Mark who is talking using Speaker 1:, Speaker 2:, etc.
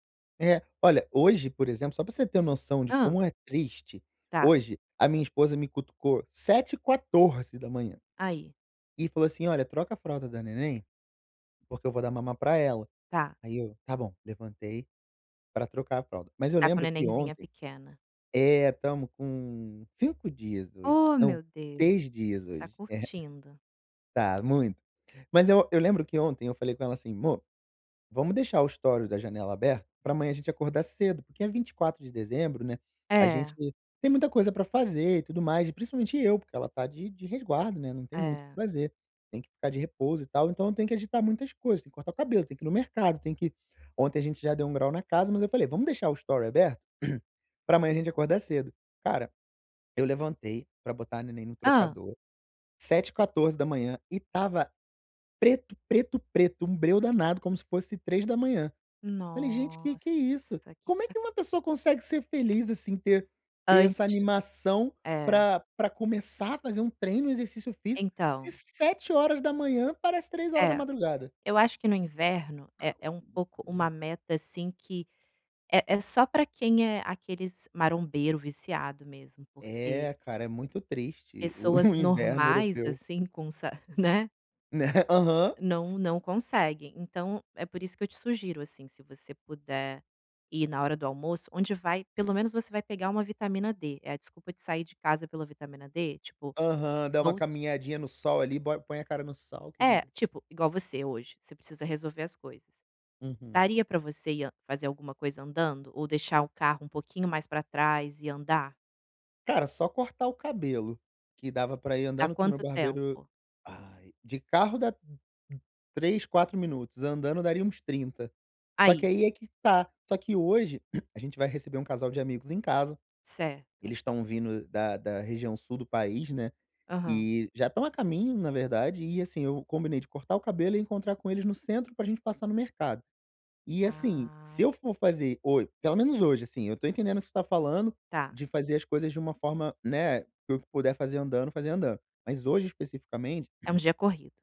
Speaker 1: É. Olha, hoje por exemplo, só pra você ter noção de
Speaker 2: Hã.
Speaker 1: como é triste,
Speaker 2: Tá.
Speaker 1: hoje a minha esposa me cutucou 7h14
Speaker 2: Aí.
Speaker 1: e falou assim: "Olha, troca a fralda da neném, porque eu vou dar mamá pra ela".
Speaker 2: Tá.
Speaker 1: Aí eu: "Tá bom". Levantei pra trocar a fralda, mas eu
Speaker 2: Tá com
Speaker 1: lembro que
Speaker 2: nenenzinha
Speaker 1: ontem
Speaker 2: pequena?
Speaker 1: é, estamos com 5 dias hoje
Speaker 2: Oh,
Speaker 1: não,
Speaker 2: meu Deus.
Speaker 1: 6 dias
Speaker 2: Tá
Speaker 1: hoje. É!
Speaker 2: curtindo.
Speaker 1: Tá muito. Mas eu eu lembro que ontem eu falei com ela assim: "Mô, vamos deixar o estore da janela aberta pra amanhã a gente acordar cedo", porque é 24 de dezembro, né, a gente
Speaker 2: É.
Speaker 1: tem muita coisa pra fazer e tudo mais. E principalmente eu, porque ela tá de de resguardo, né, não tem muito o que
Speaker 2: É.
Speaker 1: fazer, tem que ficar de repouso e tal. Então eu tenho que agitar muitas coisas, tem que cortar o cabelo, tem que ir no mercado, tem que ontem a gente já deu um grau na casa. Mas eu falei: "Vamos deixar o estore aberto pra amanhã a gente acordar cedo". Cara, eu levantei pra botar a neném no
Speaker 2: Hã.
Speaker 1: trocador, 7h14 e estava preto, preto, preto, um breu danado como se fosse 3h. Falei: "Gente que que é isso?
Speaker 2: Nossa que
Speaker 1: Como é
Speaker 2: ca
Speaker 1: que uma pessoa consegue ser feliz assim? Ter ter essa
Speaker 2: Ante
Speaker 1: animação
Speaker 2: é.
Speaker 1: pra pra começar a fazer um treino, exercício físico, se
Speaker 2: Então.
Speaker 1: 7h parece três hora da
Speaker 2: É,
Speaker 1: madrugada?".
Speaker 2: eu acho que no inverno é é um pouco uma meta assim que é é só pra quem é aqueles marombeiro viciado mesmo porque
Speaker 1: É, cara, é muito triste o
Speaker 2: pessoas
Speaker 1: o inverno
Speaker 2: normais,
Speaker 1: europeu.
Speaker 2: assim, com sa né.
Speaker 1: Né, aham.
Speaker 2: Não não conseguem, então é por isso que eu te sugiro, assim, se você puder ir na hora do almoço onde vai pelo menos você vai pegar uma vitamina D, é a desculpa de sair de casa pela vitamina D? Tipo,
Speaker 1: Aham, dá uma
Speaker 2: vou
Speaker 1: caminhadinha no sol ali, bo põe a cara no sol,
Speaker 2: É,
Speaker 1: querida.
Speaker 2: tipo, igual você hoje, você precisa resolver as coisas.
Speaker 1: Uhum.
Speaker 2: Daria pra você ir an fazer alguma coisa andando? Ou deixar o carro um pouquinho mais pra trás e andar?
Speaker 1: Cara, só cortar o cabelo que dava pra ir
Speaker 2: Dá
Speaker 1: andando, que o meu
Speaker 2: quanto
Speaker 1: barbeiro
Speaker 2: tempo?
Speaker 1: ai, de carro dá 3, 4 minutos, andando daria uns 30. Só que
Speaker 2: Aí.
Speaker 1: aí é que tá, só que hoje a gente vai receber um casal de amigos em casa,
Speaker 2: Certo.
Speaker 1: eles estão vindo da da região sul do país, né,
Speaker 2: Aham.
Speaker 1: e já estão a caminho na verdade e, assim, eu combinei de cortar o cabelo e encontrar com eles no centro pra gente passar no mercado. E, assim, se
Speaker 2: Ah.
Speaker 1: eu for fazer ho pelo menos hoje, assim, eu tô entendendo o que você tá falando,
Speaker 2: Tá.
Speaker 1: de fazer as coisas de uma forma, né, que eu puder fazer andando, fazer andando. Mas hoje especificamente
Speaker 2: É um dia corrido.